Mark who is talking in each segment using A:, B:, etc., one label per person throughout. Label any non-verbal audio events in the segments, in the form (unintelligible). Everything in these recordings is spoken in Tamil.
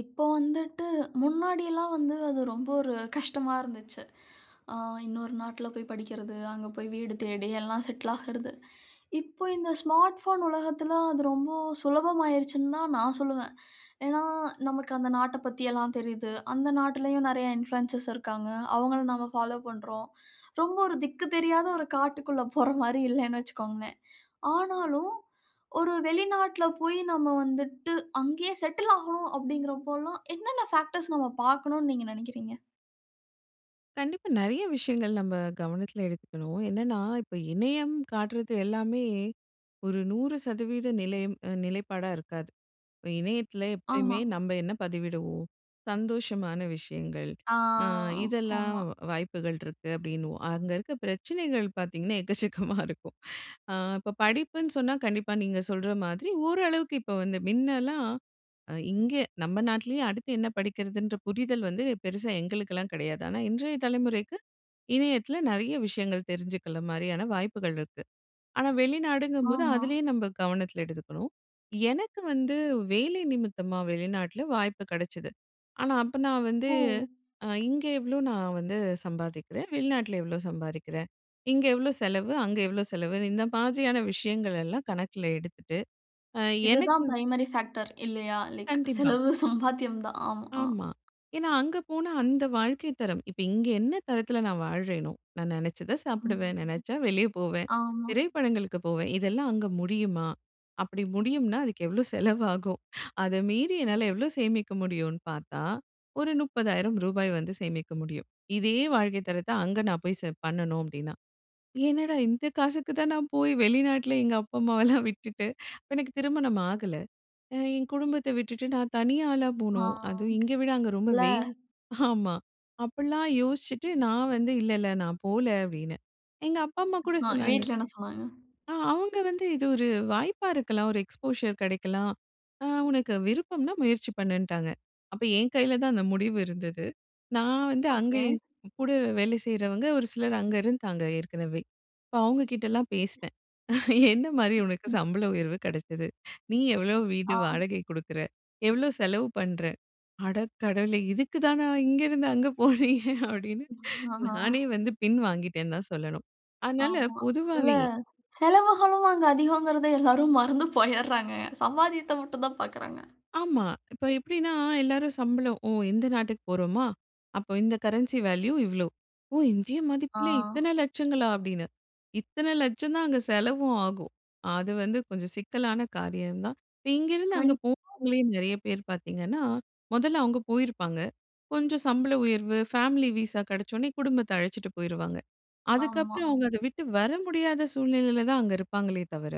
A: இப்போ வந்துட்டு முன்னாடி எல்லாம் வந்து அது ரொம்ப ஒரு கஷ்டமா இருந்துச்சு. ஆ இன்னொரு நாட்டில போய் படிக்கிறது. அங்க போய் வீடு தேடி எல்லாம் செட்டில் ஆகுறது. இப்போ இந்த ஸ்மார்ட் ஃபோன் உலகத்தில அது ரொம்ப சுலபமாயிருச்சுன்னு தான் நான் சொல்லுவேன். ஏன்னா நமக்கு அந்த நாட்ட பத்தி எல்லாம் தெரிது. அந்த நாட்டிலயும் நெறைய இனபுலுயன்சர்ஸ் இருக்காங்க. அவங்கள நாம பாலோ பண்றோம். ரொம்ப ஒரு திக்கு தெரியாத ஒரு காட்டுக்குள்ள போற மாரி இல்லைண்ணு வச்சுகோங்களேன். ஆனாலும் ஒரு வெளிநாட்டில போயி நம்ம வந்துட்டு அங்கயே செட்டில் ஆகணும் அப்படிங்கறபோல்லா என்னென்ன பேக்டர்ஸ் நம்ம பார்க்கணும்னு நீங்க நினைக்கிறீங்க?
B: கண்டிப்பா. நெறைய விஷயங்கள் நம்ம கவனத்தில எடுத்துக்கணும். என்னென்னா இப்ப இணையம் காட்டுறது எல்லாமே, ஒரு 100 % நிலையம் அ நிலைப்பாடா இருக்காது. இப்போ இணையத்தில எப்பயுமே
A: ஆமா.
B: நம்ம என்ன பதிவிடுவோம்? சந்தோஷமான விஷயங்கள்
A: ஆ.
B: அ இதெல்லாம்
A: ஆமா.
B: வா வாய்ப்புகள் இருக்கு அப்படின்னுவோம். அங்க இருக்க பிரச்சனைகள் பார்த்தீங்கன்னா எக்கச்சக்கமா இருக்கும் அ இப்ப படிப்புன்னு சொன்னா கண்டிப்பா நீங்க சொல்ற மாதிரி ஓரளவுக்கு இப்போ வந்து மின்னலாம் அ இங்கே நம்ம நாட்லயே அடுத்து என்ன படிக்கிறதுன்ற புரிதல் வந்து பெருசா எங்களுக்கெல்லாம் கிடையாது. ஆனா இன்றைய தலைமுறைக்கு இணையத்தில நிறைய விஷயங்கள் தெரிஞ்சுக்கிற மாரியான வாய்ப்புகள் இருக்கு. ஆனா வெளிநாடுங்கும்போது
A: ஆமா.
B: அதிலயு நம்ம கவனத்தில எடுத்துக்கணும். எனக்கு வந்து வேலை நிமித்தமா வெளிநாட்டில வாய்ப்பு கிடைச்சது. ஆனா அப்ப நான் வந்து
A: ஓ!
B: அ இங்கே எவ்வளோ நான் வந்து சம்பாதிக்கிறேன், வெளிநாட்டில எவ்வளோ சம்பாறிக்கிறேன். இங்கே எவ்வளோ செலவு, அங்கே எவ்வளோ செலவுன்னு இந்த மாதிரியான விஷயங்கள் எல்லாம் கணக்கில் எடுத்துட்டு அ எனக்கு
A: இதுதான் பிரைமரி ஃபாக்டர் இல்லையா? லைக்
B: கண்டிப்பா.
A: செலவு சம்பாத்தியம் தான். ஆமா.
B: ஆமா. ஏன்னா அங்க போனா அந்த வாழ்க்கை தரம் இப்ப இங்க என்ன தரத்தில நான் வாழ்றேனோ நான் நினைச்சதை சாப்பிடுவேன்,
A: ம்.
B: நினைச்சா வெளியே போவேன்.
A: ஆமா.
B: திரைப்படங்களுக்கு போவேன். இதெல்லாம் அங்க முடியுமா? அப்படி முடியும்னா அதுக்கு எவ்வளோ செலவாகும்? அத மீறி என்னால எவ்வளோ சேமிக்க முடியும்னு பார்த்தா, ஒரு 30,000 ரூபாய் வந்து சேமிக்க முடியும். இதே வாழ்க்கை தரத்த அங்க நான் போய் செ பண்ணணும் அப்படின்னா. என்னடா இந்த காசுக்கு தான் நான் போய் வெளிநாட்டில எங்க அப்பா, அம்மாவெல்லாம் விட்டுட்டு அப்ப எனக்கு திருமணம் ஆகல. அ என் குடும்பத்தை விட்டுட்டு நான் தனி ஆளா
A: ஆ.
B: போணும். அது இங்க விட அங்க ரொம்ப
A: இல்ல.
B: வெயில் ஆமா. அப்படிலாம் யோசிச்சுட்டு நா வந்து, "இல்ல, இல்ல நான் போல" அப்படின்னேன். எங்க அப்பா, அம்மா கூட
A: அ.
B: சொன்னாங்க
A: வீட்ல என்ன சொன்னாங்க?
B: ஆ அவங்க வந்து இது ஒரு வாய்ப்பா இருக்கலாம். ஒரு எக்ஸ்போஷர் கிடைக்கலாம். அ உனக்கு விருப்பம்னா முயற்சி பண்ணுன்ட்டாங்க. அப்ப என் கையில தான் அந்த முடிவு இருந்தது. நா வந்து அங்க
A: ஓகே.
B: என் கூட வேலை செய்றவங்க, ஒரு சிலர் அங்க இருந்தாங்க ஏற்கனவே. அப்ப அவங்க கிட்டலாம் பேசினேன். "என்ன மாதிரி
A: ம்.
B: உனக்கு
A: ம்.
B: சம்பள உயர்வு கிடைச்சது? நீ எவ்வளோ வீடு
A: ஆ.
B: வாடகை கொடுக்குற? எவ்வளோ செலவு பண்ற? அட கடவுளே இதுக்குதானா இங்கேருந்து அங்க போனீங்க" அப்படின்னு
A: அ,
B: நானே
A: ஆ.
B: வந்து பின் வாங்கிட்டேன்னு தான் சொல்லணும்! அதனால
A: ஆமா. இல்ல!
B: பொதுவாகவே
A: செலவுகளும் அங்கு அதிகோங்கறத எல்லாரும் மறந்து போயிறாங்க. சம்பாதியத்த மட்டும் தான் பார்க்கிறாங்க.
B: ஆமா. இப்ப எப்படின்னா எல்லாரும் சம்பளோ ஓ! இந்த நாட்டுக்கு போறோமா! அப்ப இந்த கரன்சி வேல்யூ இவ்வளோ. ஓ! இந்திய மதிப்பில
A: ஆ.
B: இத்தனை லட்சங்களா! அப்படின்னு, இத்தனை லட்சம் தான் அங்க செலவும் ஆகும். அது வந்து கொஞ்சம் சிக்கலான காரியம் தான். இப்ப இங்கிருந்து
A: கண்
B: அங்கே போனவங்களே நெறைய பேர் பார்த்தீங்கன்னா, மொதல்ல அவங்க போயிருப்பாங்க. கொஞ்சம் சம்பள உயர்வு, ஃபேமிலி வீசா கிடைச்ச உடனே குடும்பத்த அழைச்சுட்டு போயிருவாங்க.
A: ஆமா.
B: அதுக்கப்புறம் அவங்க அதை விட்டு வர முடியாத சூழ்நிலையில தான் அங்க இருப்பாங்களே தவிர,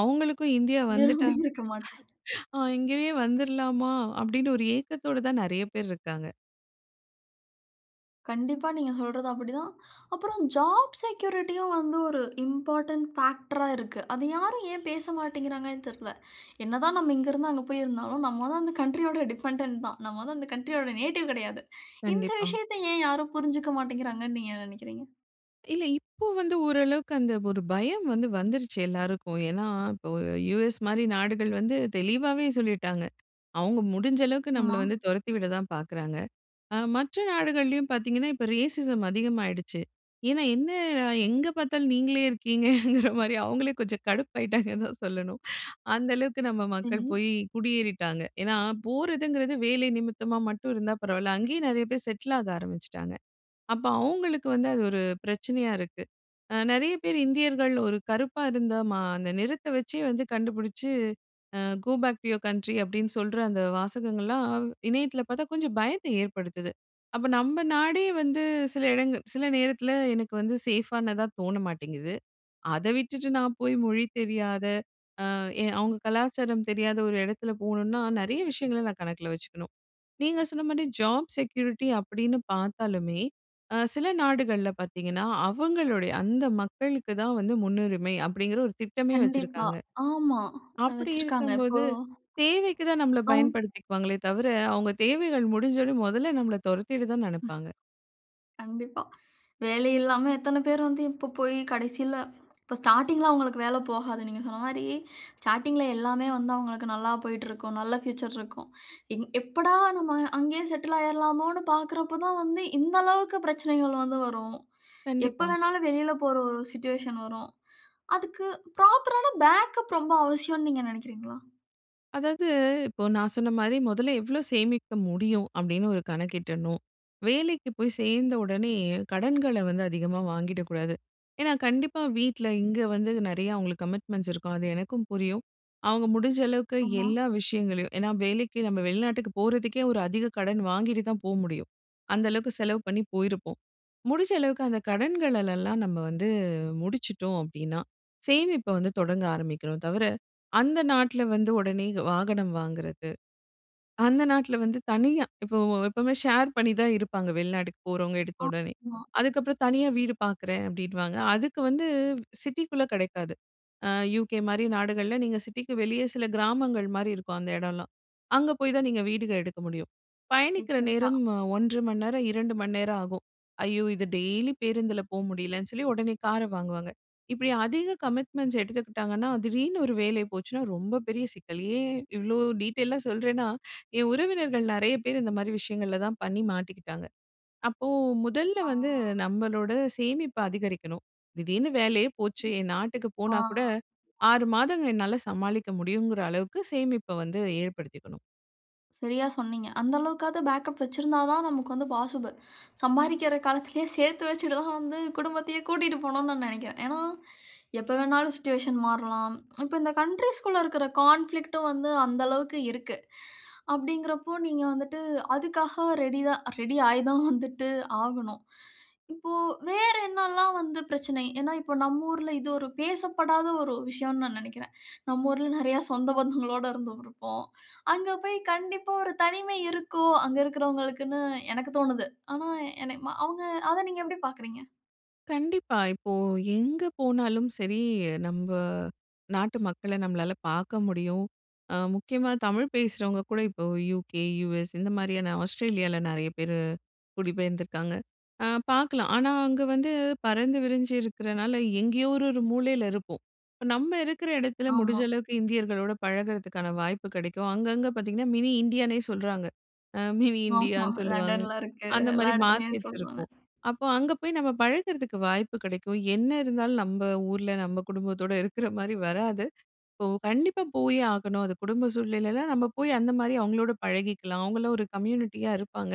B: அவங்களுக்கும் இந்தியா வந்துட்டா
A: விரும்பி இருக்க மாட்டேன்.
B: ஆ "இங்கேயே வந்துறலாமா?" அப்படின்னு ஒரு ஏக்கத்தோடு தான் நிறைய பேர் இருக்காங்க.
A: கண்டிப்பா. நீங்க சொல்றது அப்படி தான். அப்புறம் ஜாப் செக்யூரிட்டியும் வந்து, ஒரு இம்பார்டன்ட் ஃபேக்டரா இருக்கு. அதை யாரும் ஏன் பேசமாட்டேன்கிறாங்கனு தெரில? என்ன தான் நம்ம இங்க இருந்து, அங்க போய் இருந்தாலும் நம்ம வந்து அந்த டிஃபெண்டென்ட் தான். நம்ம வந்து அந்த கண்ட்ரியோட நேட்டிவ் கெடையாது. இந்த
B: கண்டிப்பா.
A: விஷயத்தை ஏன் யாரும் புரிஞ்சுக்கமாட்டிங்கிறாங்கன்னு நீங்க என்ன நெனைக்கிறீங்க?
B: இல்ல, இப்போ வந்து ஓரளவுக்கு அந்த ஒரு பயம் வந்து வந்துருச்சு எல்லாருக்கும். ஏன்னா, இப்போ யுஎஸ் மாரி நாடுகள் வந்து தெளிவாவே சொல்லிட்டாங்க. அவங்க முடிஞ்சளவுக்கு, நம்மள
A: ஆமா.
B: வந்து தொரத்தி விடத் தான் பாக்குறாங்க. ஆ மற்ற நாடுகள்லயும் பாத்தீங்கன்னா, இப்ப ரேசிசம் அதிகமாயிடுச்சு. ஏன்னா என்ன எங்க பாத்தாலும் நீங்களே இருக்கீங்கங்கிற மாரி, அவங்களே கொஞ்சம் கடுப்பாகிட்டாங்கனு தான் சொல்லணும். அந்த அளவுக்கு நம்ம மக்கள்
A: சரி.
B: போயி குடியேறிட்டாங்க. ஏன்னா போறதுங்கிறது வேலை நிமித்தமா மட்டும் இருந்தா பரவாயில்லை, அங்கயே நெறைய பேர் செட்டில் ஆக ஆரம்பிச்சிட்டாங்க. அப்போ, அவங்களுக்கு வந்து அது ஒரு பிரச்சனையா இருக்கு. அ நெறைய பேர், இந்தியர்கள் ஒரு கருப்பா இருந்தா மா அந்த நிறத்தை வைச்சே வந்து கண்டுபிடிச்சு, அ "go back to your country" அப்படின்னு சொல்ற அந்த வாசகங்கள்லாம் வ் இணையத்துல பாத்தா, கொஞ்சம் பயத்தை ஏற்படுத்துது. அப்ப, நம்ம நாடே வந்து சில இடங்கள் சில நேரத்துல எனக்கு வந்து சேஃபானதா தோண மாட்டிங்குது. அதை விட்டுட்டு நான் போய் மொழி தெரியாத, அ எ அவங்க கலாச்சாரம் தெரியாத ஒரு எடத்தில போணும்னா, நெறைய விஷயங்களை நான் கணக்கில வச்சுக்கணும். நீங்க சொன்ன மாரி, ஜாப் செக்யூரிட்டி அப்படின்னு பாத்தாலுமே, அ சில நாடுகள்ல பாத்தீங்கன்னா, அவங்களுடைய அந்த மக்களுக்கு தான் வந்து முன்னுரிமை, அப்படிங்கிற ஒரு திட்டமே
A: கண்டிப்பா.
B: வச்சுருக்காங்க.
A: ஆமா,
B: அப்படி
A: வெச்சிருக்காங்க இப்போ.
B: இருக்கும்போது, தேவைக்கு தான் நம்மளை
A: அவுங்
B: பயன்படுத்திக்குவாங்களே தவிர, அவங்க தேவைகள் முடிஞ்சோடனே மொதல்ல நம்மள தொரத்திட தான் நெனப்பாங்க.
A: கண்டிப்பா. வேலை இல்லாம எத்தனை பேர் வந்து, இப்போ போய் கடைசியில இப்போ ஸ்டார்ட்டிங்கில அவங்களுக்கு வேலை போகாது. நீங்க சொன்ன மாரி, ஸ்டார்ட்டிங்கில எல்லாமே வந்து அவங்களுக்கு நல்லா போய்ட்டுருக்கும். நல்ல ஃபியூச்சர் இருக்கும். எங் எப்படா நம்ம அங்கயே செட்டில் ஆயிறலாமோனு பாக்குறப்ப தான் வந்து, இந்த அளவுக்கு பிரச்சனைகள் வந்து வரும். எப்ப
B: கண்டிப்பா.
A: வேணாலும், வெளில போற ஒரு சிட்டுவேஷன் வரும். அதுக்கு, ப்ராப்பர் ஆன பேக்கப் ரொம்ப அவசியம்ணு நீங்க நெனைக்கிறீங்களா?
B: அதாவது, இப்போ நா சொன்ன மாரி மொதல்ல எவ்ளோ சேமிக்க முடியும், அப்படின்னு ஒரு கணக்கிடணும். வேலைக்கு போய் சேர்ந்த உடனே, கடன்கள வந்து அதிகமா வாங்கிடக்கூடாது. ஏன்னா, கண்டிப்பா வீட்ல இங்க வந்து, நெறைய அவுங்களுக்கு கமிட்மெண்ட்ஸ் இருக்கும், அது எனக்கும் புரியும். அவுங்க முடிஞ்ச அளவுக்கு
A: ஆமா.
B: எல்லா விஷயங்களையும் ஏன்னா வேலைக்கு நம்ம வெளிநாட்டுக்கு போறதுக்கே, ஒரு அதிக கடன் வாங்கிட்டுதான் போ முடியும். அந்த அளவுக்கு செலவு பண்ணி போயிருப்போம். முடிஞ்ச அளவுக்கு அந்த கடன்களலெல்லாம் நம்ம வந்து முடிச்சுட்டோம் அப்படின்னா, சேமிப்ப வந்து தொடங்க ஆரம்பிக்கணும் தவிர, அந்த நாட்ல வந்து ஒடனே வாகனம் வாங்குறது, அந்த நாட்ல வந்து தனியா இப்போ எப்பவுமே ஷேர் பண்ணி தான் இருப்பாங்க வெளிநாட்டுக்கு போறவங்க
A: ஆ,
B: எடுத்தவொடனே.
A: மா.
B: அதுக்கப்புறம் தனியா வீடு பாக்குறேன் அப்படின்னுவாங்க. அதுக்கு வந்து, சிட்டிக்குள்ள கெடைக்காது. அ UK மாரி நாடுகள்ல, நீங்க சிட்டிக்கு வெளிய சில கிராமங்கள் மாரி இருக்கும் அந்த இடம்லாம். அங்கே போய்தான் நீங்க வீடுக எடுக்க முடியும். பயணிக்கிற
A: எக்ஸாக்ட்டா.
B: நேரம் அ 1 1/2 மணி நேரம், 2 மணி நேரம் ஆகும். ஐயோ இது டெய்லி பேருந்துல போக முடியலன்னு சொல்லி, ஒடனே கார வாங்குவாங்க. இப்படி அதிக கமிட்மெண்ட்ஸ் எடுத்துக்கிட்டாங்கன்னா, திடீர்னு ஒரு வேலை போச்சுன்னா, ரொம்ப பெரிய சிக்கல். ஏன், இவ்ளோ டீட்டெய்லா சொல்றேன்னா, என் உறவினர்கள் நெறைய பேர் இந்த மாரி விஷயங்கள்ல தான் பண்ணி மாட்டிக்கிட்டாங்க. அப்போ, முதல்ல
A: ஆ.
B: வந்து நம்மளோட சேமிப்ப அதிகரிக்கணும். திடீர்னு வேலையே போச்சு! என் நாட்டுக்கு
A: ஆ,
B: போனாக்கூட,
A: அ.
B: 6 மாதங்கள் என்னால சமாளிக்க முடியுங்குற அளவுக்கு சேமிப்ப வந்து ஏற்படுத்திக்கணும்.
A: சரியா சொன்னீங்க. அந்த அளவுக்காவது பேக்கப் வைச்சிருந்தா தான், நமக்கு வந்து பாசிபிள். சம்பாரிக்கிற காலத்துலயே சேத்து வச்சுட்டு தான் வந்து, குடும்பத்தையே கூட்டிட்டு போணும்னு நான் நெனைக்கிறேன். ஏன்னா, எப்ப வேணாலும் சிட்டுவேஷன் மாறலாம். இப்போ, இந்த கண்ட்ரீஸ்‌க்குள்ள இருக்குற கான்ஃபிளிக்ட்‌டும் வந்து அந்த அளவுக்கு இருக்கு, அப்படிங்கிறப்போ நீங்க வந்துட்டு அதுக்காக ரெடி தான் ரெடி ஆய் தான் வந்துட்டு ஆகணும். இப்போ வேற என்னல்லாம் வந்து பிரச்சனை? ஏன்னா, இப்போ நம்மூர்ல இது ஒரு பேசப்படாத ஒரு விஷயம்னு நான் நெனைக்கிறேன். நம்மூர்ல நெறையா சொந்த பந்தங்களோட இருந்து இருப்போம். (inhales) அங்க போய் கண்டிப்பா ஒரு தனிமை இருக்கும், அங்க இருக்கிறவங்களுக்குனு எனக்கு தோணுது. ஆனா என்னய மா அவங்க, அதை நீங்க எப்படி பாக்குறீங்க?
B: கண்டிப்பா. இப்போ எங்க போனாலும் சரி, நம்ப நாட்டு மக்கள நம்மளால பாக்க முடியும். அ முக்கியமா தமிழ் பேசுறவங்க கூட இப்போ யுகே, யுஎஸ் இந்த மாதிரியான ஆஸ்ட்ரேலியால, நெறைய பேரு குடிபெயர்ந்திருக்காங்க. அ பாக்கலாம், ஆனா அங்க வந்து பறந்து விரிஞ்சி இருக்குறனால எங்கேயோ ஒரு, ஒரு மூலையில இருப்போம். இப்ப நம்ம இருக்குற எடத்துல, முடிஞ்ச
A: ஆமா.
B: அளவுக்கு இந்தியர்களோட பழகுறதுக்கான வாய்ப்பு கெடைக்கும். அங்கங்க பாத்தீங்கன்னா, மினி இந்தியானே சொல்றாங்க. அ மினி
A: ஆமா.
B: இந்தியான்னு சொல்லுவாங்க.
A: லண்டன்ல இருக்கு,
B: அந்த
A: எல்லா
B: மாரி,
A: எடத்துலயும்
B: மார்க்கெட்ஸ்
A: சொல்றாங்க.
B: இருக்கும். அப்போ, அங்க போய் நம்ம பழகறதுக்கு வாய்ப்பு கெடைக்கும். என்ன இருந்தாலும், நம்ப ஊர்ல, நம்ப குடும்பத்தோட இருக்கிற மாரி வராது. இப்போ, கண்டிப்பா போயே ஆகணும். அது குடும்ப சூழ்நிலையிலலாம், நம்ம போய் அந்த மாரி அவங்களோட பழகிக்கலாம். அவங்களும் ஒரு கம்யூனிட்டியா இருப்பாங்க.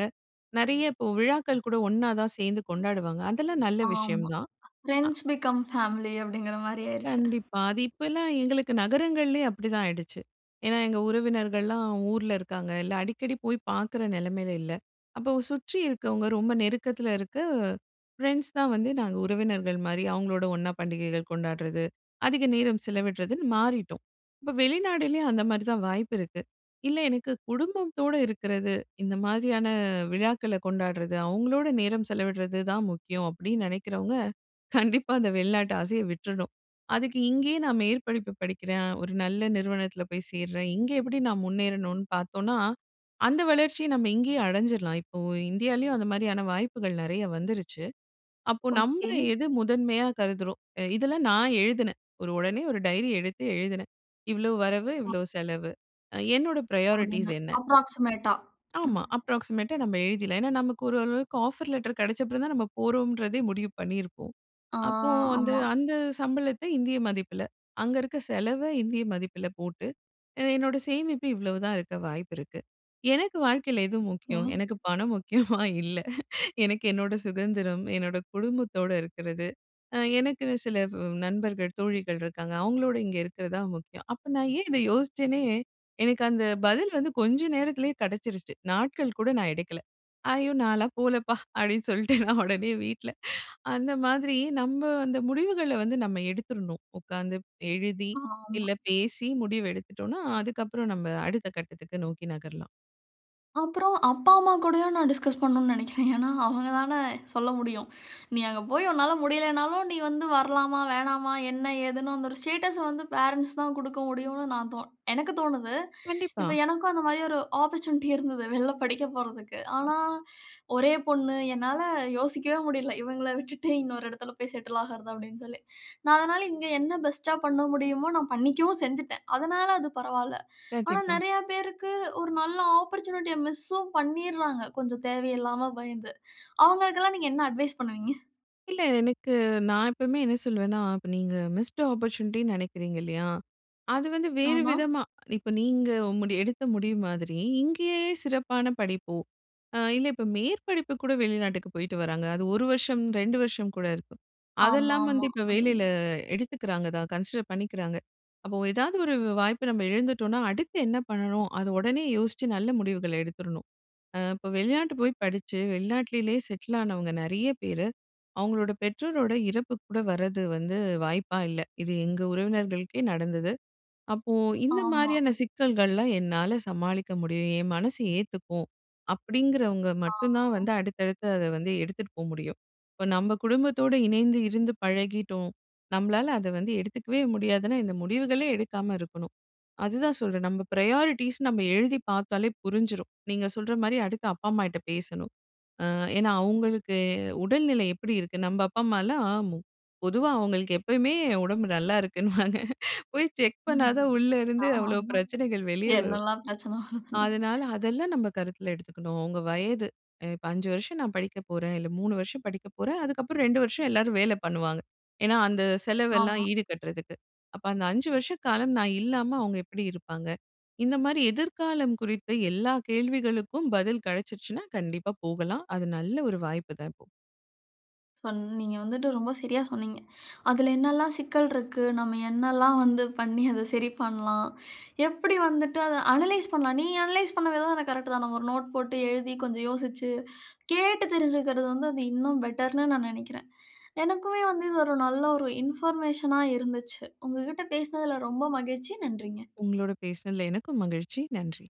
B: நெறைய, இப்போ விழாக்கள் கூட ஒண்ணா தான் சேந்து கொண்டாடுவாங்க. அதெல்லாம் நல்ல விஷயம்
A: ஆமா.
B: தான். அ.
A: ஃப்ரெண்ட்ஸ் பிகம் ஃபேமிலி அப்படிங்கிற மாரி ஆயிருச்சு.
B: கண்டிப்பா. அது இப்பலாம் எங்களுக்கு நகரங்கள்லயே அப்படிதான் ஆயிடுச்சு. ஏன்னா, எங்க உறவினர்கள்லாம் ஊர்ல இருக்காங்க. இல்ல, அடிக்கடி போய் பாக்குற நெலமையில இல்ல. அப்போ சுற்றி இருக்கவங்க, ரொம்ப நெருக்கத்தில இருக்க ஃப்ரெண்ட்ஸ் தான் வந்து நாங்க உறவினர்கள் மாரி. அவங்களோட ஒண்ணா பண்டிகைகள் கொண்டாடுறது, அதிக நேரம் செலவிடுறதுன்னு மாறிட்டோம். இப்போ வெளிநாடுலயும் அந்த மாரி தான், வாய்ப்பு இருக்கு. "இல்ல, எனக்கு குடும்பத்தோடு இருக்குறது, இந்த மாரியான விழாக்களை கொண்டாடுறது, அவங்களோட நேரம் செலவிடுறது தான் முக்கியம்" அப்படின்னு நெனைக்கிறவங்க, கண்டிப்பா அந்த வெளிநாட்டு ஆசையை விட்டுறணும். அதுக்கு இங்கேயே நான் மேற்படிப்பு படிக்கிறேன், ஒரு நல்ல நிறுவனத்துல போய் சேர்றேன். இங்கே எப்படி நான் முன்னேறணும்னு பாத்தோம்னா, அந்த வளர்ச்சியை நம்ம இங்கேயே அடைஞ்சிறலாம். இப்போ, இந்தியாலயும் அந்த மாரியான வாய்ப்புகள் நெறையா வந்துருச்சு. அப்போ, நம்ம
A: ஓகே.
B: எத முதன்மையா கருதுறோம். எ இதெல்லாம் நான் எழுதுனேன். ஒரு ஒடனே ஒரு டயரி எடுத்து எழுதுனேன். இவ்வளோ வரவு, இவ்வளோ செலவு. அ என்னோட ப்ராயாரிட்டீஸ்
A: அப்படின்னு
B: என்ன?
A: ஆஃப்ரொக்ஸிமேட்டா. அ.
B: ஆமா. அப்ராக்ஸிமேட்டா நம்ம எழுதிடலாம். ஏன்னா, நமக்கு ஓரளவுக்கு ஆஃபர் லெட்டர் கெடச்சப்புறம் தான், நம்ம போறோம்ன்றதே முடிவு பண்ணியிருப்போம்.
A: ஆ
B: அப்போ வந்து,
A: ஆமா.
B: அந்த சம்பளத்தை இந்திய மதிப்பில, அங்க இருக்க செலவை இந்திய மதிப்பில போட்டு, அ என்னோட சேமிப்பு இவ்ளோ தான் இருக்க வாய்ப்பு இருக்கு. எனக்கு வாழ்க்கையில எது
A: ஓகே.
B: முக்கியம்? எனக்கு பணம் முக்கியமா? இல்ல. எனக்கு என்னோட சுதந்திரம், என்னோட குடும்பத்தோட இருக்குறது. அ எனக்குன்னு சில வ் நண்பர்கள் தோழிகள் இருக்காங்க, அவங்களோடு இங்க இருக்கிறது தான் முக்கியம். அப்போ நான் ஏன் இதை யோசிச்ச உடனே, எனக்கு அந்த பதில் வந்து கொஞ்ச நேரத்திலேயே கெடைச்சிருச்சு, நாட்கள் கூட நான் எடுக்கல. "ஐயோ! நான்லாம் போலப்பா." அப்படின்னு சொல்லிட்டு நான் ஒடனே வீட்ல அந்த மாதிரி நம்ம அந்த முடிவுகளை வந்து நம்ம எடுத்துறணும் ஒக்காந்து, எழுதி,
A: ஆமா.
B: இல்ல பேசி முடிவு எடுத்துட்டோம்னா, அதுக்கப்புறம் நம்ம அடுத்த கட்டத்துக்கு நோக்கி நகரலாம்.
A: அப்புறம் அப்பா, அம்மா கூடயும் நா டிஸ்கஸ் பண்ணணும்னு நினைக்கிறேன். ஏன்னா, அவங்கதான சொல்ல முடியும். நீ அங்க போய் உன்னால முடியலைன்னாலும், நீ வந்து வரலாமா, வேணாமா, என்ன ஏதுன்னு. அந்த ஒரு ஸ்டேட்டஸ்‌ வந்து பேரண்ட்ஸ் தான் குடுக்க முடியும்ன்னு நா தோனு எனக்கு தோனுது.
B: கண்டிப்பா.
A: இப்ப எனக்கும் அந்த மாதிரி ஒரு ஆப்பர்சூனிட்டி இருந்தது, வெளியில படிக்கப் போறதுக்கு. ஆனா, ஒரே பொண்ணு! என்னால யோசிக்கவே முடியல. “இவங்கள விட்டுவிட்டு, இன்னொரு இடத்தில போய் செட்டில் ஆகிறது” அப்படீன்னு சொல்லி. நா அதனால இங்க என்ன பெஸ்ட்‌டா பண்ண முடியுமோ, நா பண்ணிக்கவும் செஞ்சுட்டேன். அதனால அது பரவால. ஆனா,
B: கண்டிப்பா.
A: நிறைய பேருக்கு, ஒரு நல்ல ஆப்பர்சூனிட்டிய மிஷூம் பண்ணீறாங்க. கொஞ்சம் தேவையில்லாம பயந்து. அவங்களுக்கெல்லாம் நீங்க என்ன அட்வைஸ் பண்ணுங்க?
B: இல்ல. எனக்கு நா எப்பவுமே என்ன சொல்லுவேன்னா, இப்ப நீங்க மிஸ்டு ஆப்பர்ச்சூனிட்டின்னு நினைக்கிறீங்க, இல்லையா? அது வந்து வேறு
A: ஆமா.
B: விதமா, இப்ப நீங்க முடி எடுத்த முடிவு மாதிரி, இங்கேயே சிறப்பான படிப்போ, அ இல்ல இப்ப மேற்படிப்பு கூட வெளிநாட்டுக்கு போய்ட்டு வராங்க. அது 1 வருஷம், 2 வருஷம்கூட இருக்கு. அதெல்லாம் வந்து
A: ஆமாமா.
B: இப்ப வேலையில
A: (unintelligible)
B: எடுத்துக்கிறாங்க தான், கன்சிடர் பண்ணிக்கிறாங்க. அப்ப ஏதாவது ஒரு வாய்ப்ப நம்ம இழந்துட்டோம்னா, அடுத்து என்ன பண்ணணும்? அத உடனே யோசிச்சு நல்ல முடிவுகள் எடுத்துறணும். ம் இப்ப வெளிநாட்டுக்கு போய் படிச்சு வெளிநாட்டிலேயே செட்டில் ஆனவங்க நிறைய பேர், அவங்களோட பெற்றோரோட இறப்புக்கு கூட வரது வந்து வாய்ப்பா இல்ல. இது எங்க உறவினர்களுக்கே நடந்தது. அப்போ, “இந்த
A: ஆமா.
B: மாதிரியான சிக்கல்கள்லாம் என்னால சமாளிக்க முடியும். என் மனசு ஏத்துக்கும்” அப்படீங்கிறவங்க மட்டும்தான்
A: ஆ.
B: வந்து, அடுத்தடுத்து அத வந்து எடுத்துட்டு போ முடியும். இப்ப நம்ம குடும்பத்தோடு, இணைந்து இருந்து பழகிட்டோம், நம்மளால அத வந்து எடுத்துக்கவே முடியாதுனா, இந்த முடிவுகளே எடுக்காம இருக்கணும். அதுதான் சொல்றேன். நம்ம பிரையாரிட்டீஸ் நம்ம எழுதி பார்த்தாலே புரிஞ்சிரும். நீங்க சொல்ற மாரி, அடுத்து அப்பா அம்மாகிட்ட பேசணும். அ ஏன்னா அவங்களுக்கு உடல்நிலை எப்படி இருக்கு, நம்ம அப்பா அம்மாலாம் மு பொதுவா அவங்களுக்கு எப்பவுமே உடம்பு நல்லா இருக்குன்னுவாங்க, போய் செக் பண்ணாதான், உள்ள இருந்து அவ்ளோ
A: ஆமா.
B: பிரச்சனைகள் வெளியே வரும்.
A: என்னெல்லாம் பிரச்சனை வருதுன்னு.
B: அதனால, அதெல்லாம் நம்ம கருத்தில் எடுத்துக்கணும். உங்க வயது இப்ப 5 வருஷம, நா படிக்க போறேன். இல்ல 3 வருஷம் படிக்க போறேன், அதுக்கப்புறம் 2 வருஷம் எல்லாரும் வேல பண்ணுவாங்க. ஏன்னா அந்த செலவெல்லாம்
A: ஆமா.
B: ஈடு கட்டுறதுக்கு. அப்ப அந்த 5 வருஷ காலம், நா இல்லாம அவங்க எப்படி இருப்பாங்க? இந்த மாரி எதிர் காலம் குறித்து எல்லா கேள்விகளுக்கும் பதில் கிடைச்சுருச்சுனா கண்டிப்பா போகலாம். அது நல்ல ஒரு வாய்ப்புதான் இப்போ.
A: சொன்ன நீங்க வந்துட்டு ரொம்ப சரியா சொன்னீங்க. அதில என்னலாம் சிக்கல் இருக்கு, நம்ம என்னல்லாம் வந்து பண்ணி, அத சரி பண்ணலாம். எப்படி வந்துட்டு, அத அனலைஸ் பண்ணலாம்? நீங்க அனலைஸ் பண்ண விதம், எனக்கு கரெக்ட்தான். நம்ம ஒரு நோட் போட்டு எழுதி கொஞ்சம் யோசிச்சு கேட்டு தெரிஞ்சுக்கிறது வந்து, அது இன்னும் பெட்டர்ன்னு நா நினைக்கிறேன். எனக்குமே வந்து இது ஒரு நல்ல ஒரு இன்ஃபர்மேஷனா இருந்துச்சு. உங்ககிட்ட பேசினதில ரொம்ப மகிழ்ச்சி, நன்றிங்க.
B: உங்களோடு பேசினதில எனக்கும் மகிழ்ச்சி. நன்றி.